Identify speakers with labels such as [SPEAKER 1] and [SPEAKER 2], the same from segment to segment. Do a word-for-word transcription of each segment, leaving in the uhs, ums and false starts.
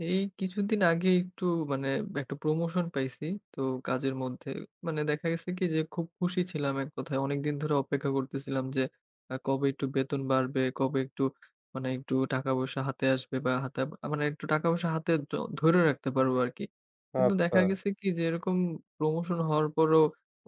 [SPEAKER 1] এই কিছুদিন আগে একটু মানে একটা প্রমোশন পাইছি। তো কাজের মধ্যে, মানে দেখা গেছে কি? যে খুব খুশি ছিলাম এক কথায়। অনেকদিন ধরে অপেক্ষা করতেছিলাম। যে, আ কবে একটু বেতন বাড়বে? কবে একটু মানে একটু টাকা পয়সা হাতে আসবে? বা হাতেব আ মানে একটু টাকা পয়সা হাতে তো ধরে রাখতে পারবো আরকি। কিন্তু
[SPEAKER 2] আচ্ছা।
[SPEAKER 1] দেখা গেছে কি? যে, এরকম প্রমোশন হওয়ার পরও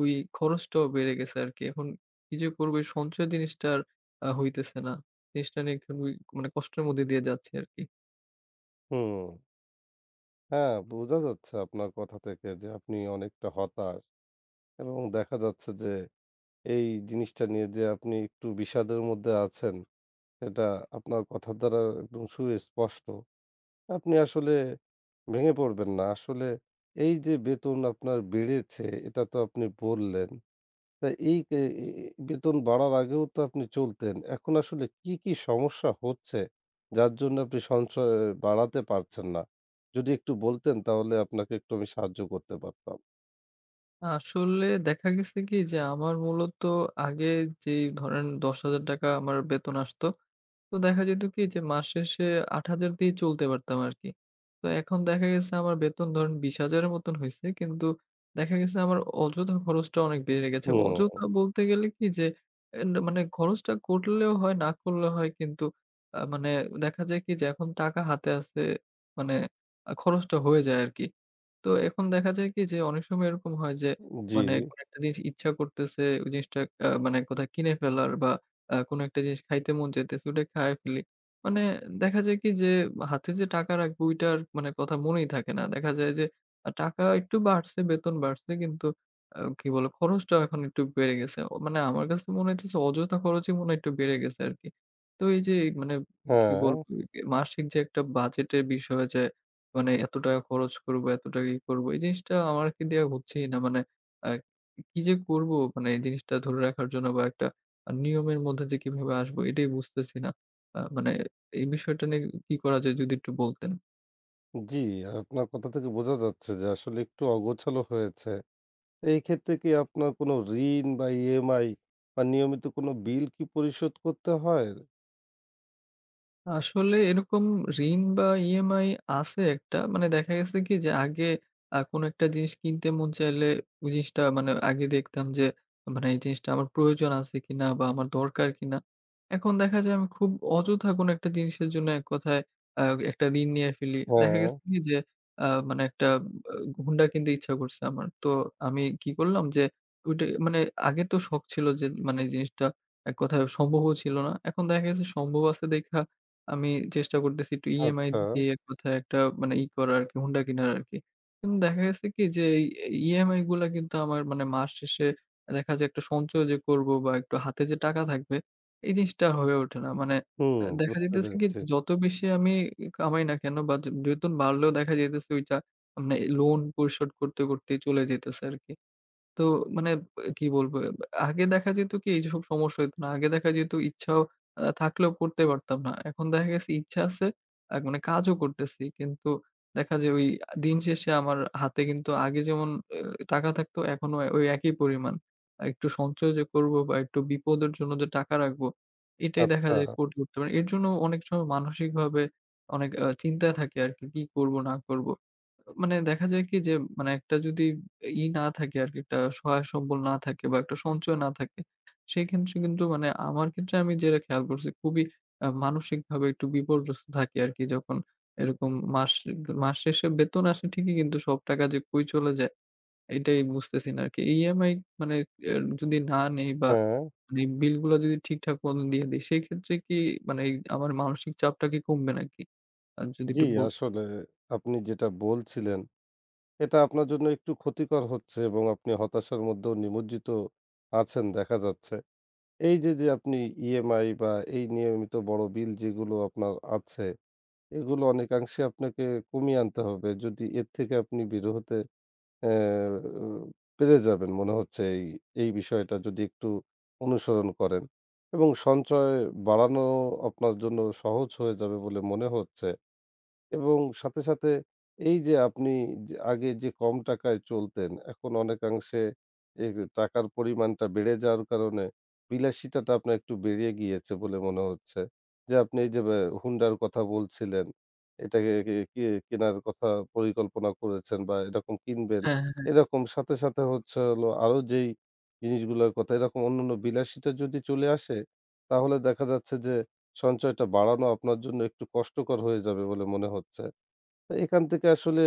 [SPEAKER 1] ওই খরচটাও বেড়ে গেছে আরকি। এখন কি যে করব? এই সঞ্চয় জিনিসটা আর আ হইতেছে না। জিনিসটা নিয়ে খুবই মানে কষ্টের মধ্যে দিয়ে যাচ্ছি আরকি।
[SPEAKER 2] হুম। হ্যাঁ, বোঝা যাচ্ছে আপনার কথা থেকে। যে, আপনি অনেকটা হতাশ এবং দেখা যাচ্ছে যে এই জিনিসটা নিয়ে যে আপনি একটু বিষাদের মধ্যে আছেন এটা আপনার কথার দ্বারা একদম সুস্পষ্ট। আপনি আসলে ভেঙে পড়বেন না। আসলে এই যে বেতন আপনার বেড়েছে, এটা তো আপনি বললেন। তা এই এ্যা বেতন বাড়ার আগেও তো আপনি চলতেন। এখন আসলে কী, কী সমস্যা হচ্ছে? যার জন্য আপনি সঞ্চয় বাড়াতে পারছেন না। যদি একটু বলতেন তাহলে আপনাকে একটু আমি সাহায্য করতে পারতাম।
[SPEAKER 1] আসলে দেখা গেছে কি? যে আমার মূলত আগে যেই ধরেন দশ হাজার টাকা আমার বেতন আসত, তো দেখা যেত কি? যে মাস শেষে আট হাজার দিয়েই চলতে পারতাম আরকি। তো এখন দেখা গেছে আমার বেতন ধরেন বিশ হাজার এর মতন হইছে। কিন্তু দেখা গেছে আমার অযথা খরচটা অনেক বেড়ে গেছে।
[SPEAKER 2] হুম।
[SPEAKER 1] অযথা বলতে গেলে কি যে এ মানে খরচটা করলেও হয় না করলেও হয় কিন্তু আ মানে দেখা যায় কি যে এখন টাকা হাতে আছে মানে খরচটা হয়ে যায় আরকি। তো এখন দেখা যায় কি যে অনেক সময় এরকম হয় যে
[SPEAKER 2] উ জি।
[SPEAKER 1] মানে কোন একটা জিনিস ইচ্ছা করতেছে ওই জিনিসটা আ মানে কোথায় কিনে ফেলার বা আ কোন একটা জিনিস খাইতে মন চাইতেছে ওইটা খায় ফেলি। মানে দেখা যায় কি যে হাতে যে টাকা রাখবো ওইটার মানে কথা মনেই থাকে না। দেখা যায় যে টাকা একটু বাড়ছে, বেতন বাড়ছে কিন্তু আ কি বলে খরচটাও এখন একটু বেড়ে গেছে। মানে আমার কাছে মনে হয়তেছে যে অযথা খরচই মনে হয় একটু বেড়ে গেছে আরকি। তো এই যে মানে কি বলবো
[SPEAKER 2] ও!
[SPEAKER 1] মাসিক যে একটা বাজেটের বিষয় যে মানে এত টাকা খরচ করব, এত টাকা ই করব এই জিনিসটা আমাকে দেওয়া হচ্ছেই না। মানে আ কি যে করব মানে এই জিনিসটা ধরে রাখার জন্য বা একটা আ নিয়মের মধ্যে যে কিভাবে আসবো এটাই বুঝতেছি না। আ মানে এই বিষয়টা নিয়ে কি করা যায়? যদি একটু বলতেন।
[SPEAKER 2] জি, আপনার কথা থেকে বোঝা যাচ্ছে যে আসলে একটু অগোছালো হয়েছে। এই ক্ষেত্রে কি আপনার কোনো ঋণ বা EMI বা নিয়মিত কোন বিল কি পরিশোধ করতে হয়?
[SPEAKER 1] আসলে এরকম ঋণ বা EMI আছে একটা মানে দেখা গেছে কি যে আগে আ কোন একটা জিনিস কিনতে মন চাইলে ওই জিনিসটা মানে আগে দেখতাম যে মানে এই জিনিসটা আমার প্রয়োজন আছে কিনা বা আমার দরকার কিনা। এখন দেখা যায় আমি খুব অযথা কোন একটা জিনিসের জন্য এক কথায় আ একটা ঋণ নিয়ে ফেলি। দেখা গেছে
[SPEAKER 2] হ্যাঁ।
[SPEAKER 1] কি যে আ মানে একটা হুন্ডা কিনতে ইচ্ছা করছে আমার। তো আমি কি করলাম যে ওইটা মানে আগে তো শখ ছিল যে মানে জিনিসটা এক কথায় সম্ভবও ছিল না। এখন দেখা গেছে সম্ভব আছে দেইখা আমি চেষ্টা করতেছি একটু EMI
[SPEAKER 2] আচ্ছা।
[SPEAKER 1] দিয়ে এক কথায় একটা মানে ই করা আরকি হুন্ডা কিনার আরকি। কিন্তু দেখা গেছে কি যে EMI গুলা কিন্তু আমার মানে মাস শেষে দেখা যায় একটা সঞ্চয় যে করব বা একটু হাতে যে টাকা থাকবে এই জিনিসটা আর হয়ে ওঠে না। মানে
[SPEAKER 2] হুম,
[SPEAKER 1] আ দেখা
[SPEAKER 2] বুঝতে
[SPEAKER 1] যাইতেছে কি
[SPEAKER 2] পেরেছি।
[SPEAKER 1] যত বেশি আমি কামাই না কেন বা বেতন বাড়লেও দেখা যাইতেছে ওইটা মানে লোন পরিশোধ করতে, করতেই চলে যাইতেছে আরকি। তো মানে কি বলব আগে দেখা যেত কি এই যেসব সমস্যা হইত না। আগে দেখা যেত ইচ্ছা আ থাকলেও করতে পারতাম না। এখন দেখা গেছে ইচ্ছা আছে আ মানে কাজও করতেছি কিন্তু দেখা যাবে দিন শেষে আমার হাতে কিন্তু আগে যেমন আ টাকা থাকতো এখনো ওই একই পরিমাণ। আর একটু সঞ্চয় যে করব বা একটু বিপদের জন্য যে টাকা রাখবো এটাই দেখা যায়
[SPEAKER 2] আচ্ছা।
[SPEAKER 1] কোর্ট করতে পারি এর জন্য অনেক সময় মানসিকভাবে অনেক আ চিন্তায় থাকে আরকি কি করব না করব? মানে দেখা যায় কি যে মানে একটা যদি ই না থাকে আরকি একটা সহায় সম্বল না থাকে বা একটা সঞ্চয় না থাকে সেক্ষেত্রে কিন্তু মানে আমার ক্ষেত্রে আমি যেটা খেয়াল করছি খুবই আ মানসিকভাবে একটু বিপর্যস্ত থাকি আরকি যখন এরকম মাস মাস শেষে বেতন আসে ঠিকই কিন্তু সব টাকা যে কই চলে যায়। এটাই বুঝতেছি না আরকি। EMI মানে এ যদি না নেই বা
[SPEAKER 2] হ্যাঁ।
[SPEAKER 1] মানে বিল গুলা যদি ঠিকঠাক মতন দিয়ে দেই সেইক্ষেত্রে কি মানে আমার মানসিক চাপটা কি কমবে নাকি? আ যদি
[SPEAKER 2] জি,
[SPEAKER 1] একটু বলতে
[SPEAKER 2] আসলে আপনি যেটা বলছিলেন এটা আপনার জন্য একটু ক্ষতিকর হচ্ছে এবং আপনি হতাশার মধ্যেও নিমজ্জিত আছেন দেখা যাচ্ছে। এই যে যে আপনি EMI বা এই নিয়মিত বড়ো বিল যেগুলো আপনার আছে এগুলো অনেকাংশে আপনাকে কমিয়ে আনতে হবে যদি এর থেকে আপনি বের হতে আ পেরে যাবেন মনে হচ্ছে এই এই বিষয়টা যদি একটু অনুসরণ করেন এবং সঞ্চয় বাড়ানো আপনার জন্য সহজ হয়ে যাবে বলে মনে হচ্ছে এবং সাথে, সাথে এই যে আপনি যে আগে যে কম টাকায় চলতেন এখন অনেকাংশে এই টাকার পরিমাণটা বেড়ে যাওয়ার কারণে বিলাসিতাটা তো আপনার একটু বেড়ে গিয়েছে বলে মনে হচ্ছে যে আপনি এই যে হুন্ডার কথা বলছিলেন। এটাকে কে কেনার কথা পরিকল্পনা করেছেন বা এরকম কিনবেন।
[SPEAKER 1] হ্যাঁ, হ্যাঁ।
[SPEAKER 2] এরকম সাথে, সাথে হচ্ছে হলো আরো যেই জিনিসগুলোর কথা এরকম অন্যান্য বিলাসিটা যদি চলে আসে তাহলে দেখা যাচ্ছে যে সঞ্চয়টা বাড়ানো আপনার জন্য একটু কষ্টকর হয়ে যাবে বলে মনে হচ্ছে। এখান থেকে আসলে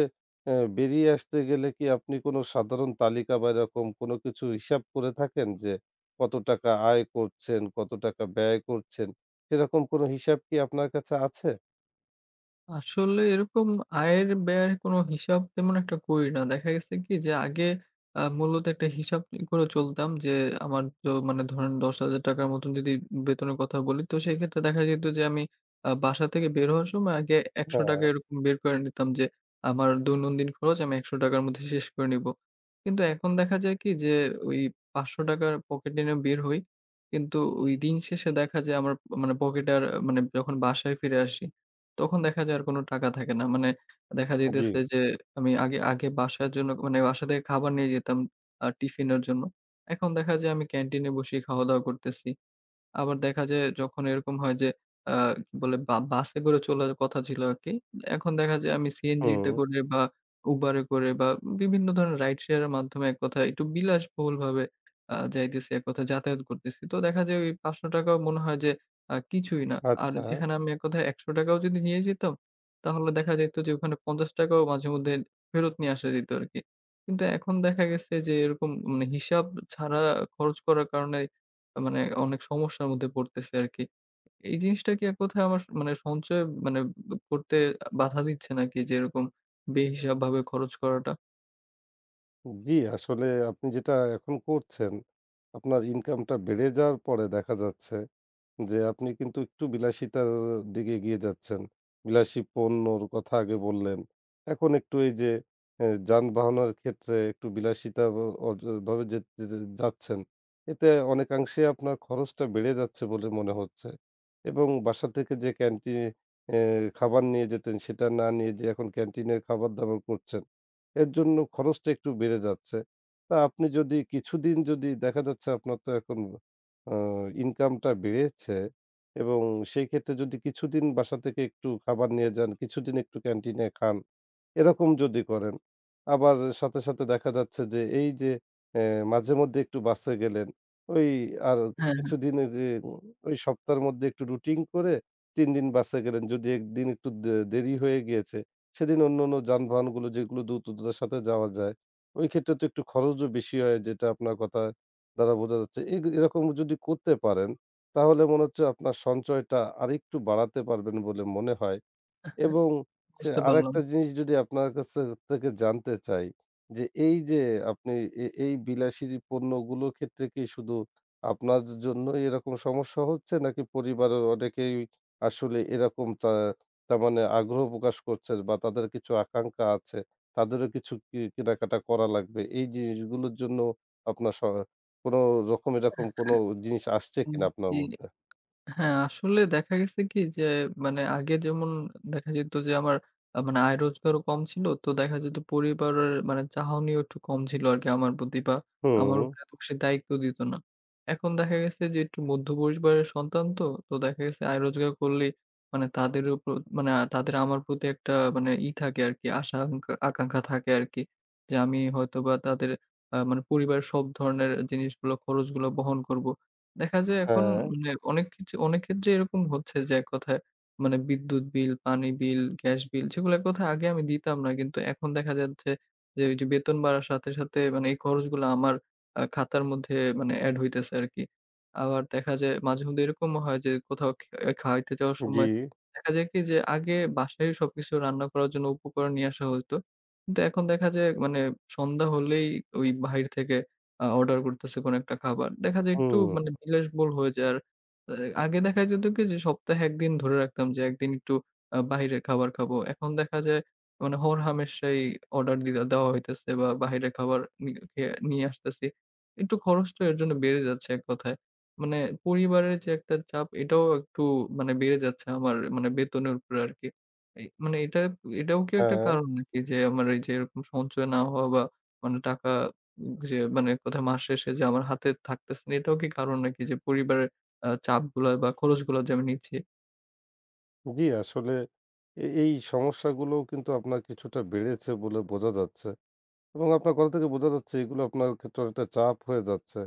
[SPEAKER 2] আ বেরিয়ে আসতে গেলে কি আপনি কোন সাধারণ তালিকা বা এরকম কোন কিছু হিসাব করে থাকেন যে কত টাকা আয় করছেন, কত টাকা ব্যয় করছেন সেরকম কোন হিসাব কি আপনার কাছে আছে?
[SPEAKER 1] আসলে এরকম আয়ের, ব্যয়ের কোন হিসাব তেমন একটা করি না। দেখা গেছে কি? যে, আগে এ্যাঁ মূলত একটা হিসাব ই করে চলতাম যে, আমার তো মানে ধরেন দশ হাজার টাকা র মতো যদি বেতনের কথা বলি, তো সেক্ষেত্রে দেখা যেত যে আমি এ্যাঁ বাসা থেকে বের হওয়ার সময় আগে একশ টাকা
[SPEAKER 2] হ্যাঁ।
[SPEAKER 1] এরকম বের করে নিতাম যে, আমার দৈনন্দিন খরচ আমি একশ টাকা র মধ্যে শেষ করে নিবো। কিন্তু এখন দেখা যায় কি? যে, ওই পাঁচশ টাকা র পকেটে নিয়ে বের হই। কিন্তু ওই দিন শেষে দেখা যায়, আমার মানে পকেট আর মানে, যখন বাসায় ফিরে আসি, তখন দেখা যায় আর কোন টাকা থাকে না। মানে দেখা
[SPEAKER 2] আ জ্বী।
[SPEAKER 1] যাইতেছে যে আমি আগে আগে বাসার জন্য মানে বাসা থেকে, খাবার নিয়ে যেতাম এ্যাঁ টিফিনের জন্য। এখন দেখা যায় আমি ক্যান্টিনে বসেই খাওয়া দাওয়া করতেছি। আবার দেখা যায় যখন এরকম হয় যে, এ্যাঁ বলে বা বাসে করে চলার কথা ছিল আরকি। এখন দেখা যায় আমি সিএনজিতে
[SPEAKER 2] হুম।
[SPEAKER 1] করে বা Uber এ করে বা বিভিন্ন ধরনের রাইড শেয়ার এর মাধ্যমে, এক কথায় একটু বিলাসবহুলভাবে এ্যাঁ যাইতেছি, এক কথা যাতায়াত করতেছি। তো দেখা যায় ওই পাঁচশ টাকা ও মনে হয় যে, এ্যাঁ কিছুই না। আর
[SPEAKER 2] আচ্ছা।
[SPEAKER 1] যেখানে আমি এক কথায় একশ টাকা ও যদি নিয়ে যেতাম। তাহলে দেখা যাইত যে, ওখানে পঞ্চাশ টাকা ও মাঝেমধ্যে ফেরত নিয়ে আসা যেত আরকি। কিন্তু এখন দেখা গেছে যে, এরকম মানে হিসাব ছাড়া খরচ করার কারণে, মানে অনেক সমস্যার মধ্যে পড়তেছি আরকি। এই জিনিসটা কি কোথায় আমার মানে সঞ্চয় মানে করতে বাধা দিচ্ছে নাকি যে, এরকম বেহিসাব ভাবে খরচ করাটা?
[SPEAKER 2] উম জী, আসলে আপনি যেটা এখন করছেন আপনার ইনকামটা বেড়ে যাওয়ার পরে দেখা যাচ্ছে যে আপনি কিন্তু একটু বিলাসিতার দিকে এগিয়ে যাচ্ছেন। বিলাসী পণ্যর কথা আগে বললেন। এখন একটু এই যে এ যানবাহনের ক্ষেত্রে একটু বিলাসিতা অ ভ ভাবে য যাচ্ছেন। এতে অনেকাংশে আপনার খরচটা বেড়ে যাচ্ছে বলে মনে হচ্ছে। এবং বাসা থেকে যে ক্যান্টিনে এ খাবার নিয়ে যেতেন সেটা না নিয়ে যে এখন ক্যান্টিনের খাবার দাবার করছেন। এর জন্য খরচটা একটু বেড়ে যাচ্ছে। তা আপনি যদি কিছুদিন যদি দেখা যাচ্ছে আপনার তো এখন আ ইনকাম টা বেড়েছে এবং সেই ক্ষেত্রে যদি কিছুদিন বাসা থেকে একটু খাবার নিয়ে যান, কিছুদিন একটু ক্যান্টিনে খান, এরকম যদি করেন। আবার সাথে, সাথে দেখা যাচ্ছে যে এই যে এ মাঝে-মধ্যে একটু বাসে গেলেন, ওই আর
[SPEAKER 1] হ্যাঁ, হ্যাঁ।
[SPEAKER 2] কিছুদিন এর ওই সপ্তাহের মধ্যে একটু রুটিন করে তিন দিন বাসে গেলেন। যদি একদিন একটু দে দেরি হয়ে গিয়েছে সেদিন অন্যান্য যানবাহনগুলো যেগুলো দ্রুততার সাথে যাওয়া যায় ঐ ক্ষেত্রে তো একটু খরচও বেশি হয়। যেটা আপনার কথা দ্বারা বোঝা যাচ্ছে। এই এরকম যদি করতে পারেন তাহলে মনে হচ্ছে আপনার সঞ্চয়টা আরেকটু বাড়াতে পারবেন বলে মনে হয়। এবং সে
[SPEAKER 1] বুঝতে পারলাম।
[SPEAKER 2] আরেকটা জিনিস যদি আপনার কাছ থেকে জানতে চাই যে এই যে আপনি এ এই বিলাসী পণ্যগুলোর ক্ষেত্রে কি শুধু আপনার জন্য এরকম সমস্যা হচ্ছে নাকি পরিবারের অনেকেই আসলে এরকম চা তারমানে আগ্রহ প্রকাশ করছে বা তাদের কিছু আকাঙ্খা আছে তাদেরও কিছু কি কিনাকাটা করা লাগবে। এই জিনিসগুলোর জন্য আপনার স কোন রকম এরকম কোনো জিনিস আসছে
[SPEAKER 1] উম
[SPEAKER 2] কিনা আপনার
[SPEAKER 1] জ্বি।
[SPEAKER 2] মধ্যে?
[SPEAKER 1] হ্যাঁ, আসলে দেখা গেছে কি? যে মানে আগে যেমন দেখা যেত যে আমার মানে আয় রোজগারও কম ছিল। তো দেখা যেত পরিবারের মানে চাহনিও একটু কম ছিল আরকি আমার প্রতি বা আমার
[SPEAKER 2] হু।
[SPEAKER 1] উপরে এত বেশি দায়িত্ব দিত না। এখন দেখা গেছে যে একটু মধ্য পরিবারের সন্তান তো। তো দেখা গেছে আয় রোজগার করলেই মানে তাদের উপর মানে তাদের আমার প্রতি একটা মানে ই থাকে আরকি। আশা আকাঙ্খা আকাঙ্খা থাকে আরকি। যে আমি হয়তো বা তাদের আ মানে পরিবারের সব ধরনের জিনিসগুলো খরচগুলো বহন করবো। দেখা যায় এখন,
[SPEAKER 2] হ্যাঁ।
[SPEAKER 1] হ্যাঁ অনেক কিচ অনেক ক্ষেত্রে এরকম হচ্ছে যে এক কথায় মানে বিদ্যুৎ বিল, পানি বিল, গ্যাস বিল সেগুলো এক কথায় আগে আমি দিতাম না কিন্তু এখন দেখা যাচ্ছে যে ঐযে বেতন বাড়ার সাথে, সাথে মানে এই খরচগুলো আমার আ খাতার মধ্যে মানে এড হইতেছে আরকি। আবার দেখা যায় মাঝে-মধ্যে এরকমও হয় যে কোথাও খ খাওয়াইতে যাওয়ার
[SPEAKER 2] জি।
[SPEAKER 1] সময় দেখা যায় কি যে আগে বাসায় সবকিছু রান্না করার জন্য উপকরণ নিয়ে আসা হইত। কিন্তু এখন দেখা যায় মানে সন্ধ্যা হলেই ঐ বাহির থেকে আ অর্ডার করতেছে কোন একটা খাবার। দেখা যায় একটু
[SPEAKER 2] হুম।
[SPEAKER 1] মানে বিলাস বহুল হয়ে যায়। আর আগে দেখা যেত কি যে সপ্তাহে এক দিন ধরে রাখতাম যে এক দিন একটু আ বাহিরের খাবার খাবো। এখন দেখা যায় মানে হরহামেশাই অর্ডার দি দেওয়া হইতেছে বা বাহিরের খাবার নি এ নিয়ে আসতেছি। একটু খরচটা এর জন্য বেড়ে যাচ্ছে এক কথায়। মানে পরিবারের যে একটা চাপ এটাও একটু মানে বেড়ে যাচ্ছে আমার মানে বেতনের উপরে আরকি। এ মানে এটা এটাও কি একটা
[SPEAKER 2] হ্যাঁ।
[SPEAKER 1] কারণ নাকি যে আমার এই যে এরকম সঞ্চয় না হওয়া বা মানে টাকা যে মানে কোথায় মাস শেষে যে আমার হাতে থাকতেছে না এটাও কি কারণ নাকি যে পরিবারের আ চাপগুলা বা খরচগুলা যে আমি নিচ্ছি।
[SPEAKER 2] জি, আসলে এ এই সমস্যাগুলোও কিন্তু আপনার কিছুটা বেড়েছে বলে বোঝা যাচ্ছে এবং আপনার কথা থেকে বোঝা যাচ্ছে এগুলো আপনার ক্ষেত্রও একটা চাপ হয়ে যাচ্ছে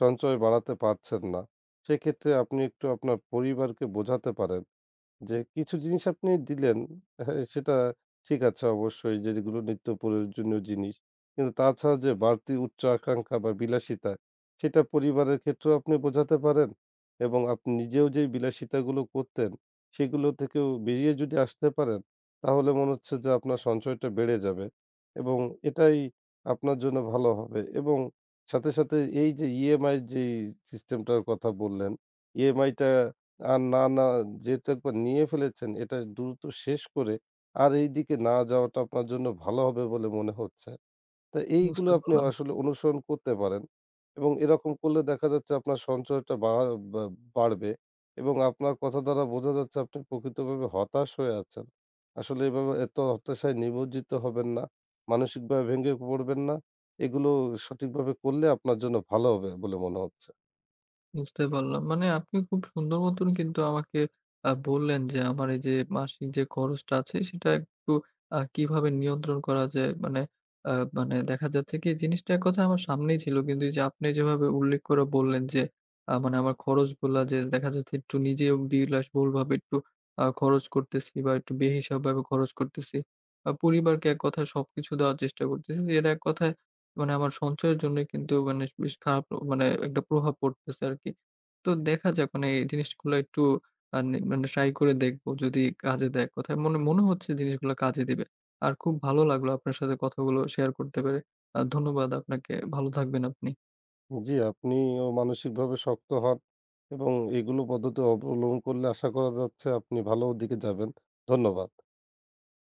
[SPEAKER 2] সঞ্চয় বাড়াতে পারছেন না। সেক্ষেত্রে আপনি একটু আপনার পরিবারকে বোঝাতে পারেন, যে কিছু জিনিস আপনি দিলেন হ্যাঁ, সেটা ঠিক আছে অবশ্যই যে যেগুলো নিত্য প্রয়োজনীয় জিনিস কিন্তু তাছাড়া যে বাড়তি উচ্চ আকাঙ্ক্ষা বা বিলাসিতা সেটা পরিবারের ক্ষেত্রেও আপনি বোঝাতে পারেন। এবং আপনি নিজেও যেই বিলাসিতাগুলো করতেন সেগুলো থেকেও বেরিয়ে যদি আসতে পারেন, তাহলে মনে হচ্ছে যে আপনার সঞ্চয়টা বেড়ে যাবে এবং এটাই আপনার জন্য ভালো হবে এবং সাথে, সাথে এই যে EMI যেই সিস্টেমটার কথা বললেন, EMI টা আর না, না যেহেতু একবার নিয়ে ফেলেছেন এটা দ্রুত শেষ করে আর এইদিকে না যাওয়াটা আপনার জন্য ভালো হবে বলে মনে হচ্ছে। তো এইগুলো
[SPEAKER 1] বুঝতে
[SPEAKER 2] আপনি
[SPEAKER 1] পারলাম।
[SPEAKER 2] আসলে অনুসরণ করতে পারেন। এবং এরকম করলে দেখা যাচ্ছে আপনার সঞ্চয়টা বা বা বাড়বে এবং আপনার কথা দ্বারা বোঝা যাচ্ছে আপনি প্রকৃতভাবে হতাশ হয়ে আছেন। আসলে এভাবে এত হতাশায় নিমজ্জিত হবেন না, মানসিকভাবে ভেঙে পড়বেন না। এগুলো সঠিকভাবে করলে আপনার জন্য ভালো হবে বলে মনে হচ্ছে।
[SPEAKER 1] বুঝতে পারলাম। মানে আপনি খুব সুন্দর মতন কিন্তু আমাকে অ্যা বললেন যে আমার এই যে মাসিক যে খরচটা আছে সেটা একটু আ কিভাবে নিয়ন্ত্রণ করা যায় মানে আ মানে দেখা যাচ্ছে কি জিনিসটা এক কথায় আমার সামনেই ছিল। কিন্তু এই যে আপনি যেভাবে উল্লেখ করে বললেন যে, আ মানে আমার খরচগুলা যে দেখা যাচ্ছে একটু নিজেও বিলাসবহুল ভাবে একটু আ খরচ করতেছি বা একটু বেহিসাব ভাবে খরচ করতেছি। আ পরিবারকে এক কথায় সবকিছু দেওয়ার চেষ্টা করতেছি। যেটা এক কথায় মানে আমার সঞ্চয়ের জন্যই কিন্তু মানে বেশ খারাপ মানে একটা প্রভাব পড়তেছে আরকি। তো দেখা যাক মানে এই জিনিসগুলা এটটু আ নি মানে ট্রাই করে দেখব যদি কাজে দেয় এক কথায়। মনে মনে হচ্ছে জিনিসগুলা কাজে দিবে। আর খুব ভালো লাগলো আপনার সাথে কথাগুলো শেয়ার করতে পেরে। আর ধন্যবাদ আপনাকে। ভালো থাকবেন আপনি।
[SPEAKER 2] উম জি। আপনিও মানসিকভাবে শক্ত হন এবং এগুলো পদ্ধতি অবলম করলে আশা করা যাচ্ছে আপনি ভালো দিকে যাবেন। ধন্যবাদ।